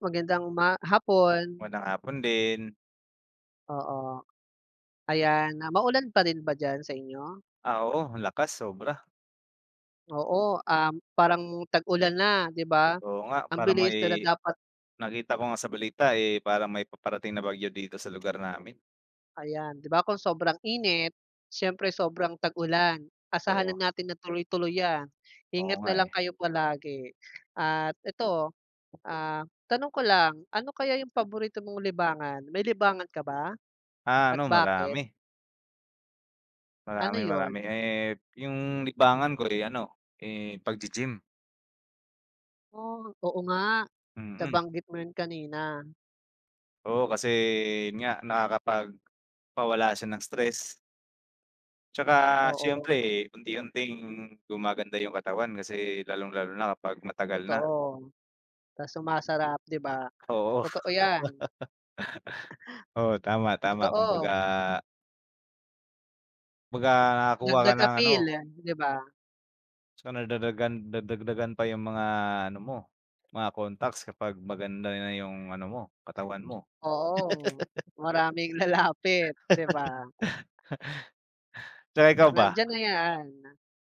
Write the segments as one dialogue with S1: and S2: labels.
S1: Magandang uma hapon.
S2: Magandang hapon din.
S1: Oo. Ayan, na maulan pa rin ba diyan sa inyo?
S2: Ah, oo. Ang lakas, sobra.
S1: Oo, um, parang tag-ulan na, di ba?
S2: Oo nga.
S1: Ang
S2: Parang
S1: bilis na da
S2: may
S1: dapat.
S2: nakita ko nga sa balita, eh, parang may paparating na bagyo dito sa lugar namin.
S1: Ayan, di ba kung sobrang init, siyempre sobrang tag-ulan.
S2: Oo.
S1: Asahanan natin na tuloy-tuloy 'yan.
S2: Oo
S1: Ingat
S2: nga
S1: na lang
S2: eh.
S1: kayo palagi. At ito, ah, tanong ko lang, ano kaya yung paborito mong libangan? May libangan ka ba?
S2: Ah,
S1: At
S2: ano,
S1: bakit?
S2: marami.
S1: Ano
S2: Marami, marami.
S1: 'yon?
S2: Eh, yung libangan ko, eh, ano, eh, paggi-gym.
S1: Oh, oo nga.
S2: Mm.
S1: Nabanggit mo 'yon kanina.
S2: Oo, kasi yun nga, nakakapagpawala siya ng stress. Tsaka siyempre,
S1: Oo.
S2: unti-unting gumaganda yung katawan kasi lalong-lalo na kapag matagal na.
S1: Totoo. Ta's sumasarap, di ba?
S2: Oo.
S1: Totoo 'yan.
S2: Oo, tama-tama kumbaga
S1: Totoo.
S2: Kumbaga, nakakakuha ka
S1: Dagdag
S2: ng
S1: appeal,
S2: ano
S1: di ba?
S2: So, nadadagan nadagdagan pa yung mga ano mo, mga contacts kapag maganda na yung ano mo, katawan mo.
S1: Oo. Maraming lalapit, di ba?
S2: So, ikaw ba?
S1: Nandiyan na 'yan.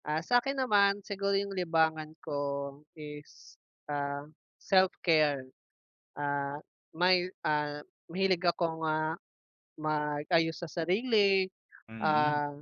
S1: Ah, sa'kin naman, siguro yung libangan ko is, ah, self-care. Ah, may ah, mahilig akong, ah, mag-ayos sa sarili,
S2: Mm.
S1: ah